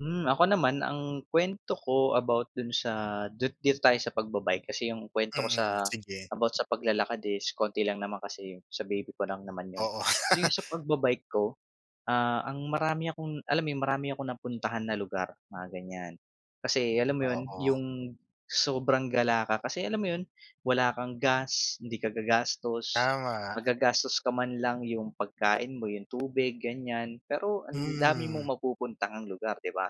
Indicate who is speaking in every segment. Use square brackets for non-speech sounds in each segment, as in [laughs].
Speaker 1: Mm, ako naman ang kuwento ko about dun sa dut dito tayo sa pagba-bike kasi 'yong kuwento ko
Speaker 2: Mm,
Speaker 1: sa
Speaker 2: sige.
Speaker 1: about sa paglalakad is konti lang naman kasi sa baby ko lang naman 'yon
Speaker 2: Oo.
Speaker 1: so yung
Speaker 2: [laughs]
Speaker 1: sa pagba-bike ko ah, ang marami akong alam mo yun marami akong napuntahan na lugar mga ganyan, kasi alam mo yun
Speaker 2: Oo.
Speaker 1: yung sobrang gala ka kasi alam mo 'yon wala kang gas hindi ka gagastos
Speaker 2: Tama.
Speaker 1: maggagastos ka man lang yung pagkain mo 'yong tubig ganyan pero ang dami mong
Speaker 2: Mm.
Speaker 1: mapupuntahang ng lugar 'di ba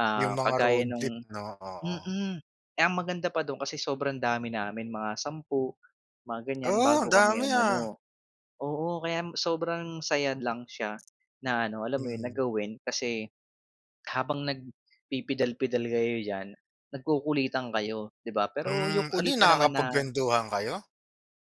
Speaker 1: ah
Speaker 2: Yung mga
Speaker 1: kagaya
Speaker 2: road trip
Speaker 1: nung,
Speaker 2: 'no, oo.
Speaker 1: mm, eh, ang maganda pa do'n kasi sobrang dami namin mga sampu, mga ganyan
Speaker 2: Oh, ang
Speaker 1: bago kami
Speaker 2: dami ah.
Speaker 1: umano oo kaya sobrang saya lang siya na ano alam mo yun na
Speaker 2: Mm.
Speaker 1: gawin kasi habang nagpipidal pidal kayo diyan nagkukulitan kayo di ba, pero
Speaker 2: Mm,
Speaker 1: yung
Speaker 2: ano yun
Speaker 1: kulitan naman na.
Speaker 2: nakakapagkwentuhan kayo?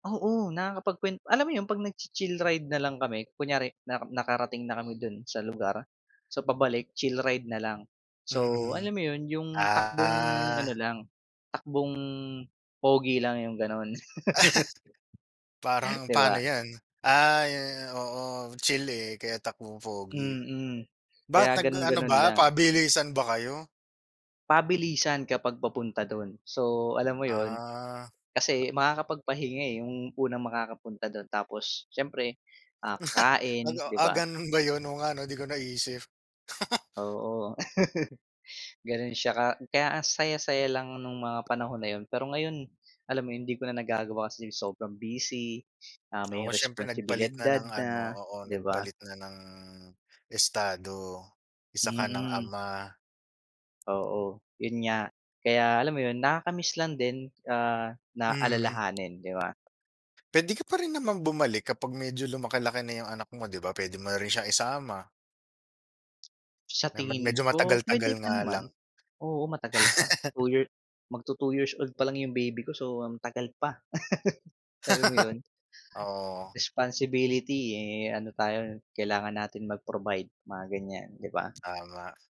Speaker 1: Oo, nakakapagkwen alam mo 'yon 'pag nag-chi-chill ride na lang kami kunyari na nakarating na kami dun sa lugar, so pabalik chill ride na lang so
Speaker 2: Mm,
Speaker 1: alam mo yun yung takbong
Speaker 2: ah.
Speaker 1: ano
Speaker 2: [laughs]
Speaker 1: lang, takbong pogi lang 'yong gano'n. [laughs]
Speaker 2: Parang
Speaker 1: Di
Speaker 2: paano
Speaker 1: ba?
Speaker 2: yan ay oo, chili eh, kaya takbong pogi.
Speaker 1: Mm, kaya
Speaker 2: Ba't nag-ano
Speaker 1: ganon-ganon
Speaker 2: ba
Speaker 1: lang.
Speaker 2: pabilisan ba kayo?
Speaker 1: Pabilisan kapag papunta dun so alam mo yun,
Speaker 2: Ah.
Speaker 1: kasi makakapagpahinga eh, yung unang makakapunta dun tapos siyempre ah
Speaker 2: Ah,
Speaker 1: kakain di
Speaker 2: [laughs] ah
Speaker 1: ba?
Speaker 2: ganun ba yun oo nga 'no, di ko naisip. [laughs]
Speaker 1: Oo, [laughs] ganun siya ka kaya ang saya saya lang nung mga panahon na yun pero ngayon alam mo yun hindi ko na nagagawa kasi sobrang busy ah
Speaker 2: Oo,
Speaker 1: may
Speaker 2: siyempre
Speaker 1: responsibilidad
Speaker 2: nagpalit na ng ano
Speaker 1: na
Speaker 2: oo
Speaker 1: di ba?
Speaker 2: nagpalit na ng estado, isa ka ng
Speaker 1: Mm.
Speaker 2: ama.
Speaker 1: Oo, yun nga kaya alam mo yun nakaka-miss lang din ah na
Speaker 2: Mhm.
Speaker 1: alalahanin, di ba?
Speaker 2: Pwede ka pa rin naman bumalik kapag medyo lumaki-laki na yung anak mo di ba pwede mo na rin siya isama.
Speaker 1: Sa
Speaker 2: Na mad
Speaker 1: tingin
Speaker 2: medyo matagal
Speaker 1: ko
Speaker 2: tagal
Speaker 1: pwede pa
Speaker 2: nga lang.
Speaker 1: naman,
Speaker 2: [laughs]
Speaker 1: oo, matagal pa, 2 years mag-tu-2 years old palang yung baby ko so ang tagal pa, [laughs] alam mo yun?
Speaker 2: [laughs] Oo.
Speaker 1: Responsibility eh, ano tayo kailangan natin mag-provide mga ganyan, di ba?
Speaker 2: Tama.